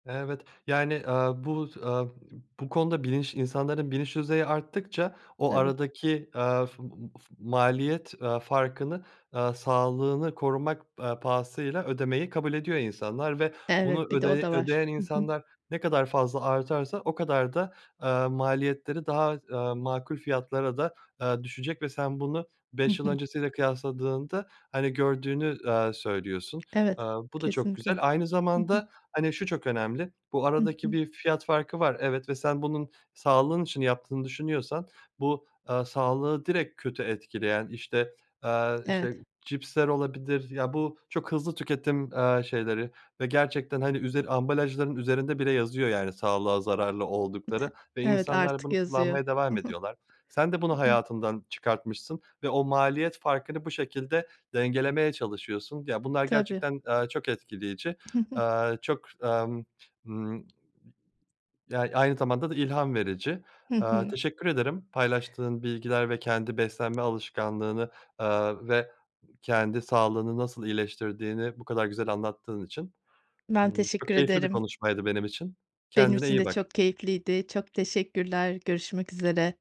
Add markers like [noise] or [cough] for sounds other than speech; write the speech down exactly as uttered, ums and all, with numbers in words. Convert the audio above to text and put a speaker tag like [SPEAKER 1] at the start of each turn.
[SPEAKER 1] Evet, yani, ııı, bu, ııı, [unintelligible] bu konuda bilinç insanların bilinç düzeyi arttıkça o
[SPEAKER 2] Tabii.
[SPEAKER 1] aradaki, ııı, f f maliyet, ııı, farkını, ııı, sağlığını korumak, ııı, pahasıyla ödemeyi kabul ediyor insanlar ve bunu
[SPEAKER 2] Evet, bir de o
[SPEAKER 1] ödeye
[SPEAKER 2] da var.
[SPEAKER 1] ödeyen
[SPEAKER 2] Hı hı.
[SPEAKER 1] insanlar ne kadar fazla artarsa o kadar da, ııı, maliyetleri daha, ııı, makul fiyatlara da, ııı, düşecek ve sen bunu
[SPEAKER 2] Hı
[SPEAKER 1] beş yıl
[SPEAKER 2] hı.
[SPEAKER 1] öncesiyle kıyaslandığında, hani, gördüğünü, ııı, söylüyorsun.
[SPEAKER 2] Evet,
[SPEAKER 1] Iıı, bu da çok güzel
[SPEAKER 2] kesinlikle.
[SPEAKER 1] aynı
[SPEAKER 2] Hı hı.
[SPEAKER 1] zamanda, hani, şu çok önemli. Bu
[SPEAKER 2] Hı
[SPEAKER 1] aradaki
[SPEAKER 2] hı.
[SPEAKER 1] bir fiyat farkı var, evet ve sen bunun sağlığın için yaptığını düşünüyorsan bu, ııı, sağlığı direkt kötü etkileyen işte, ııı,
[SPEAKER 2] Evet.
[SPEAKER 1] cipsler olabilir ya bu çok hızlı tüketim, ııı, şeyleri ve gerçekten, hani, üzeri ambalajların üzerinde bile yazıyor, yani, sağlığa zararlı oldukları
[SPEAKER 2] [giggles]
[SPEAKER 1] ve
[SPEAKER 2] Evet,
[SPEAKER 1] insanlar
[SPEAKER 2] artık
[SPEAKER 1] bunu
[SPEAKER 2] yazıyor.
[SPEAKER 1] kullanmaya
[SPEAKER 2] Hı
[SPEAKER 1] devam
[SPEAKER 2] hı.
[SPEAKER 1] ediyorlar. Sen de bunu
[SPEAKER 2] [unintelligible]
[SPEAKER 1] hayatından çıkartmışsın ve o maliyet farkını bu şekilde dengelemeye çalışıyorsun ya bunlar
[SPEAKER 2] Tabii.
[SPEAKER 1] gerçekten, ııı, çok etkileyici.
[SPEAKER 2] Hı hı.
[SPEAKER 1] Iııı, çok, ımm, ımm [unintelligible] Ya, aynı zamanda da ilham verici.
[SPEAKER 2] Hı
[SPEAKER 1] Iıı,
[SPEAKER 2] hı.
[SPEAKER 1] teşekkür ederim paylaştığın bilgiler ve kendi beslenme alışkanlığını, ııı, ve kendi sağlığını nasıl iyileştirdiğini bu kadar güzel anlattığın için.
[SPEAKER 2] Ben
[SPEAKER 1] Imm,
[SPEAKER 2] teşekkür
[SPEAKER 1] çok keyifli bir
[SPEAKER 2] ederim.
[SPEAKER 1] konuşmaydı benim için,
[SPEAKER 2] Benim
[SPEAKER 1] kendine
[SPEAKER 2] için
[SPEAKER 1] iyi
[SPEAKER 2] de
[SPEAKER 1] bak.
[SPEAKER 2] çok keyifliydi, çok teşekkürler. Görüşmek üzere.